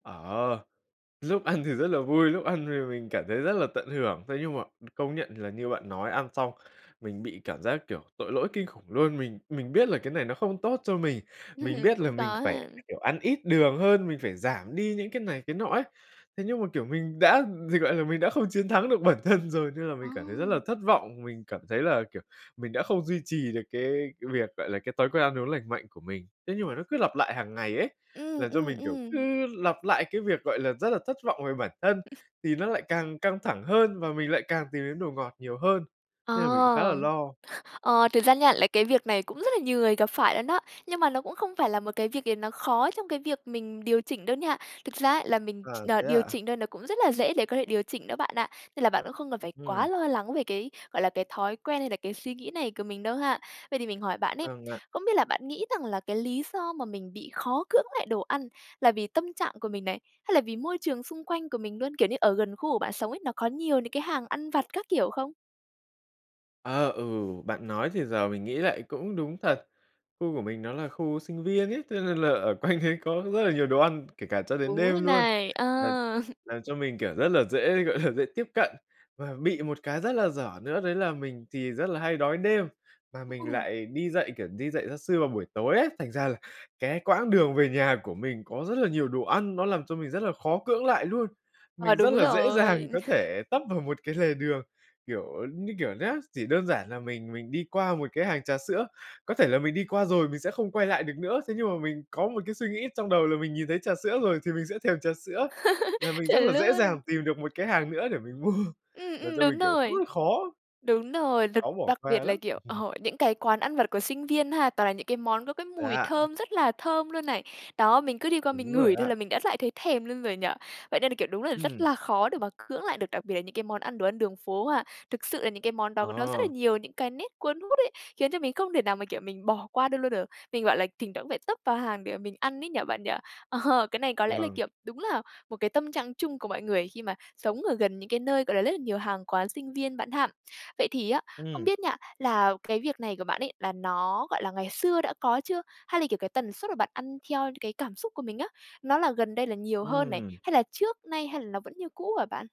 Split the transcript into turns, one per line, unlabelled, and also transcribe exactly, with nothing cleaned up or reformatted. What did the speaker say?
Ờ, dúc ăn thì rất là vui, lúc ăn thì mình cảm thấy rất là tận hưởng. Thế nhưng mà công nhận thì là như bạn nói, ăn xong mình bị cảm giác kiểu tội lỗi kinh khủng luôn. Mình mình biết là cái này nó không tốt cho mình, mình biết là
Cũng
mình
có
phải,
ha.
kiểu, ăn ít đường hơn, mình phải giảm đi những cái này, cái nọ ấy. Thế nhưng mà, kiểu, mình đã dịch gọi là, mình đã không chiến thắng được bản thân rồi, nên là mình
Ờ.
cảm thấy rất là thất vọng, mình cảm thấy là, kiểu, mình đã không duy trì được cái cái việc, gọi là, cái thói quen ăn uống lành mạnh của mình. Thế nhưng mà nó cứ lặp lại hàng ngày ấy,
Ừm,
làm cho
ừm,
mình, kiểu,
ừm.
cứ lặp lại cái việc, gọi là, rất là thất vọng về bản thân, thì nó lại càng căng thẳng hơn và mình lại càng tìm đến đồ ngọt nhiều hơn.
Ờ.
Thế là mình khá là lo.
Ờ, thực ra nha, là cái việc này cũng rất là nhiều người gặp phải luôn đó. Nhưng mà nó cũng không phải là một cái việc gì nó khó trong cái việc mình điều chỉnh đâu nha. Thực ra ấy, là mình
À,
ch ờ,
thế
điều
ạ?
chỉnh thôi nó cũng rất là dễ để có thể điều chỉnh đó bạn ạ. Nên là bạn cũng không cần phải quá
Ừm.
lo lắng về cái, gọi là, cái thói quen hay là cái suy nghĩ này của mình đâu ha. Vậy thì mình hỏi bạn ấy,
Vâng ạ.
không biết là bạn nghĩ rằng là cái lý do mà mình bị khó cưỡng lại đồ ăn là vì tâm trạng của mình này, hay là vì môi trường xung quanh của mình luôn? Kiểu như, ở gần khu của bạn sống ấy, nó có nhiều những cái hàng ăn vặt các kiểu không?
Ờ, ừ, bạn nói thì giờ mình nghĩ lại cũng đúng thật. Khu của mình nó là khu sinh viên ấy, thế nên là ở quanh đấy có rất là nhiều đồ ăn, kể cả cho đến
Đúng rồi
đêm luôn,
này! Ờ.
làm làm cho mình, kiểu, rất là dễ, gọi là, dễ tiếp cận. Và bị một cái rất là dở nữa, đấy là mình thì rất là hay đói đêm, mà mình
[unintelligible]
lại đi dạy, kiểu, đi dạy gia sư vào buổi tối ấy. Thành ra là cái quãng đường về nhà của mình có rất là nhiều đồ ăn, nó làm cho mình rất là khó cưỡng lại luôn.
Ờ,
Mình rất
đúng
là dễ dàng
rồi.
có thể tấp vào một cái lề đường. Kiểu như kiểu nhá, chỉ đơn giản là mình mình đi qua một cái hàng trà sữa, có thể là mình đi qua rồi mình sẽ không quay lại được nữa. Thế nhưng mà mình có một cái suy nghĩ trong đầu là mình nhìn thấy trà sữa rồi thì mình sẽ thèm trà sữa, là mình rất là
Chuẩn
dễ
luôn!
dàng tìm được một cái hàng nữa để mình mua.
Ừm,
Làm
ừm,
cho mình,
đúng
kiểu,
rồi.
cứ khó
Đúng rồi, đặc
khó bỏ
đặc
qua
biệt là,
lắm.
kiểu, ờ, những cái quán ăn vặt của sinh viên ha, toàn là những cái món có cái
Thế
mùi
ạ?
thơm rất là thơm luôn này. Đó, mình cứ đi qua
Đúng
mình
rồi
ngửi thôi
ạ!
là mình đã lại thấy thèm luôn rồi nhỉ? Vậy nên là, kiểu, đúng là rất
Ừm.
là khó để mà cưỡng lại được, đặc biệt là những cái món ăn, đồ ăn đường phố ha. Thực sự là những cái món đó nó rất là
Ờ.
nhiều những cái nét cuốn hút ấy, khiến cho mình không thể nào mà kiểu mình bỏ qua được luôn được. Mình, gọi là, thỉnh thoảng cũng phải tấp vào hàng để mình ăn ấy nhỉ bạn nhỉ? Ờ, cái này có lẽ là
Vâng.
kiểu đúng là một cái tâm trạng chung của mọi người khi mà sống ở gần những cái nơi, gọi là, lất là nhiều hàng quán sinh viên bạn ha. Vậy thì á, không
Ừm.
biết nha, là cái việc này của bạn ấy là nó, gọi là, ngày xưa đã có chưa? Hay là, kiểu, cái tần suất mà bạn ăn theo những cái cảm xúc của mình á, nó là gần đây là nhiều hơn này,
Ừm.
hay là trước nay, hay là nó vẫn như cũ hả bạn?